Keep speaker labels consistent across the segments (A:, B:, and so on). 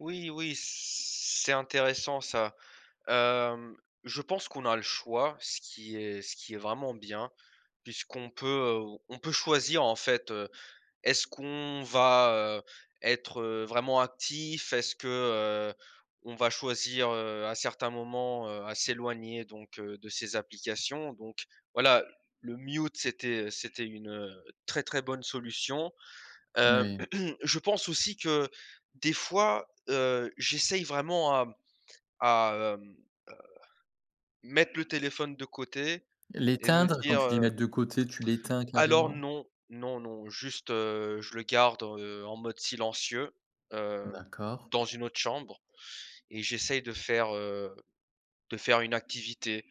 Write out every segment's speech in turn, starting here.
A: Oui, oui, c'est intéressant, ça, hem, je pense qu'on a le choix, ce qui est ce qui est vraiment bien puisqu'on peut, heu, on peut choisir, en fait, heu, est-ce qu'on va, heu, être, heu, vraiment actif? Est-ce que, heu, on va choisir, heu, à certains moments, heu, à s'éloigner, donc heu, de ces applications? Donc, voilà, le mute c'était c'était une, heu, très, très bonne solution,
B: N
A: heu,
B: oui.
A: je pense aussi que des fois, heu, j'essaye vraiment à m à, hem, heu, mettre le téléphone de côté et de me
B: L'éteindre? Quand
A: dire,
B: tu dis
A: heu
B: mettre de côté, tu l'éteins
A: Alors
B: carrément?
A: non, non, non, juste, heu, je le garde, heu, en mode silencieux, heu,
B: D'accord.
A: dans une autre chambre et j'essaye de faire heu, de faire une activité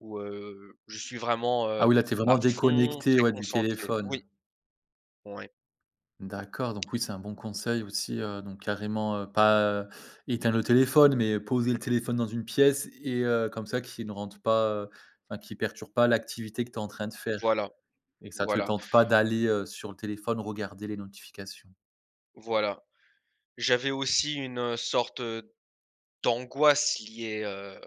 A: où, heu, je suis vraiment,
B: Ah
A: heu,
B: oui, là, tu es
A: à
B: vraiment
A: fond,
B: déconnecté,
A: très
B: ouais, du
A: concentré. Oui.
B: téléphone?
A: Ouais.
B: D'accord, donc oui, c'est un bon conseil aussi, heu, donc carrément, heu, pas, heu, éteindre le téléphone mais poser le téléphone dans une pièce et heu, comme ça qui ne rentre pas, heu, enfin, qui perturbe pas l'activité que tu es en train de faire
A: Voilà,
B: et que ça te
A: voilà.
B: tente pas d'aller, heu, sur le téléphone regarder les notifications?
A: Voilà. J'avais aussi une sorte d'angoisse liée, heu,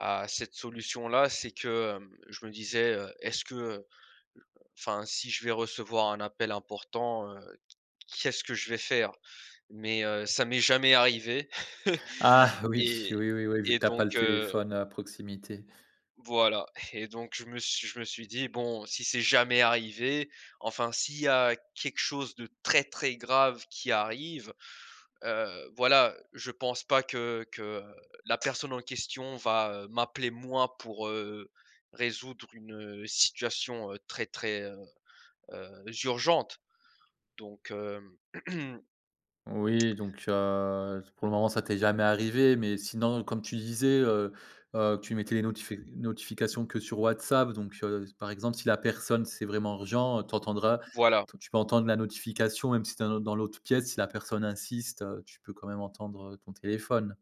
A: à cette solution-là, c'est que, hem, je me disais, heu, est-ce que, heu, enfin si je vais recevoir un appel important, heu, qu qu'est-ce que je vais faire mais heu, ça m'est jamais arrivé
B: Ah! Oui,
A: et
B: oui, oui, oui, vu
A: et
B: que tu as pas le
A: donc heu
B: téléphone à proximité.
A: voilà et donc je me suis je me suis dit: «Bon, si c'est jamais arrivé, enfin, s'il y a quelque chose de très, très grave qui arrive, heu, voilà, je pense pas que que la personne en question va, heu, m'appeler, moi, pour, heu, résoudre une, heu, situation très, très, heu heu, urgente», donc hem
B: Oui, donc heu, pour le moment, ça t'es jamais arrivé mais sinon comme tu disais, heu heu, tu mettais les notifi notifications que sur WhatsApp, donc heu, par exemple, si la personne c'est vraiment urgent, tu entendras,
A: Voilà.
B: tu en tu peux entendre la notification même si tu es dans l'au dans l'autre pièce si la personne insiste, heu, tu peux quand même entendre, heu, ton téléphone.